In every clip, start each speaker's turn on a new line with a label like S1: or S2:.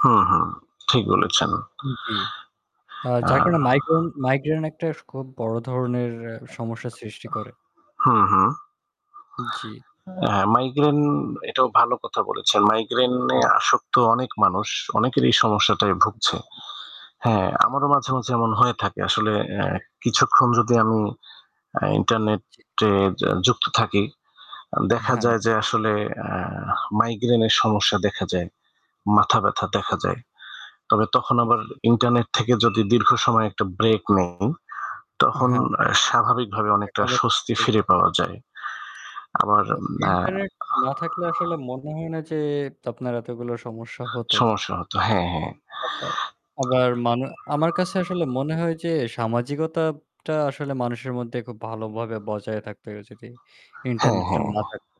S1: হু, হু। ঠিক বলেছেন।
S2: জ্বি। আ
S1: আ
S2: যার কারণে মাইগ্রে মাইগ্রেন একটা খুব বড় ধরনের এ সমস্যার সৃষ্টি করে।
S1: অ্যা হু, হু।
S2: জ্বি।
S1: হ্যাঁ, মাইগ্রেন এটাও ভালো কথা বলেছেন। মাইগ্রেনে
S2: হ্যাঁ।
S1: আসক্ত অনেক মানুষ। অনেকের এই সমস্যাটায় ভুগছে। হ্যাঁ, আমারও মাঝে, মাঝে এমন হয়ে থাকে। আসলে এ কিছুক্ষণ যদি আমি আ
S2: জ্বী।
S1: ইন্টারনেটে আ যুক্ত থাকি আ দেখা
S2: হ্যাঁ।
S1: যায় যে আসলে আ মাইগ্রেনের সমস্যা দেখা যায়। মাথা ব্যাথা দেখা
S2: জী।
S1: যায়। তবে তখন আবার
S2: জি।
S1: ইন্টারনেট থেকে যদি দীর্ঘ সময় একটা ব্রেক নেই তখন
S2: হ্যাঁ।
S1: আ স্বাভাবিকভাবে
S2: এটা
S1: অনেকটা
S2: আবার ঠিক
S1: স্বস্তি ফিরে
S2: [unintelligible]
S1: পাওয়া যায়। আমার
S2: তো
S1: না
S2: ইন্টারনেট না থাকলে আসলে মনে হয় না যে আপনার এতগুলো সমস্যা হতো।
S1: সমস্যা হতো। হ্যাঁ, হ্যাঁ।
S2: আবার আবার মান আমার কাছে আসলে মনে হয় যে সামাজিকতাটা আসলে মানুষের মধ্যে খুব ভালোভাবে বজায় থাকতে হলে যদি
S1: হ্যাঁ,
S2: ইন্টারনেটটা
S1: হ্যাঁ।
S2: না থাকতো।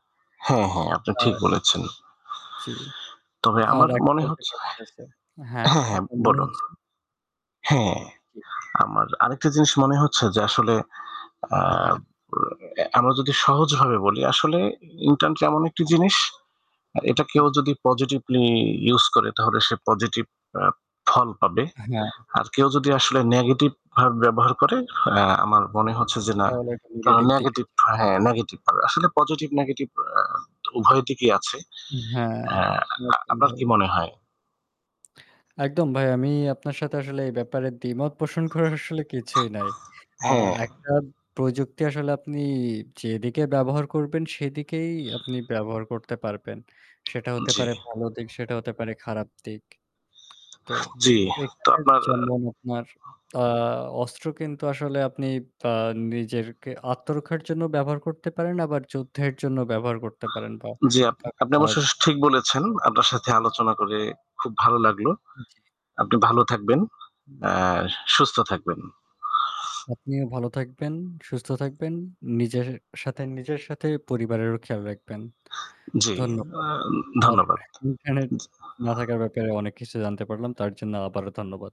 S1: হ্যাঁ, হ্যাঁ। আপনি ঠিক
S2: আ
S1: বলেছেন।
S2: জ্বী।
S1: তবে
S2: আর
S1: আমার মনে হচ্ছে
S2: [unintelligible] আ হ্যাঁ,
S1: হ্যাঁ, হ্যাঁ
S2: আপনার মনে
S1: বলুন।
S2: হচ্ছে
S1: হ্যাঁ,
S2: জি।
S1: আমার আরেকটা জিনিস মনে হচ্ছে যে আসলে আ
S2: হ্যাঁ।
S1: বা আমরা যদি সহজভাবে বলি আসলে ইন্টার্ন এমন একটি
S2: হ্যাঁ।
S1: জিনিস এটা কেউ
S2: হুম।
S1: যদি পজিটিভলি ইউজ করে তাহলে সে পজিটিভ আ ফল পাবে।
S2: হ্যাঁ।
S1: আর কেউ যদি আসলে নেগেটিভভাবে ব্যবহার করে আ আমার মনে হচ্ছে যে না
S2: তাহলে একটা
S1: তারা
S2: নেগেটিভ দিকে
S1: নেগেটিভ
S2: যেতে
S1: হ্যাঁ, নেগেটিভ পাবে। আসলে পজিটিভ নেগেটিভ আ উভয় দিকেই আছে।
S2: হু হ্যাঁ,
S1: আ
S2: একদম
S1: আ-আপনার
S2: ভাই।
S1: কি মনে হয়?
S2: একদম ভাই। আমি আপনার সাথে আসলে এই ব্যাপারে দ্বিমত পোষণ করার আসলে কিছুই নাই। আ
S1: হ্যাঁ।
S2: একটা প্রযুক্তি আসলে আপনি যেদিকে ব্যবহার করবেন সেদিকেই আপনি ব্যবহার করতে পারবেন। সেটা হতে
S1: জ্বি।
S2: পারে ভালো দিক, সেটা হতে পারে খারাপ দিক। তো
S1: জ্বি। তো
S2: এখানে
S1: আপনার
S2: যেমন আপনার আ অস্ত্র কিন্তু আসলে আপনি বা নিজেরকে আত্মরক্ষার জন্য ব্যবহার করতে পারেন আবার যুদ্ধের জন্য ব্যবহার করতে পারেন বা
S1: জ্বি, আপ
S2: কাউকে
S1: আপনি
S2: মারার জ
S1: অবশ্যই ঠিক বলেছেন। আপনার সাথে আলোচনা করে খুব ভালো লাগলো।
S2: জি
S1: আপনি ভালো থাকবেন। এ সুস্থ থাকবেন।
S2: আপনিও ভালো থাকবেন, সুস্থ থাকবেন। নিজের সাথে নিজের সাথে পরিবারেরও খেয়াল রাখবেন।
S1: জ্বি। আ
S2: ধন্যবাদ। আর
S1: ধন্যবাদ।
S2: ইন্টারনেট
S1: জি।
S2: না থাকার ব্যাপারে অনেক কিছু জানতে পারলাম। তার জন্য আবারও ধন্যবাদ।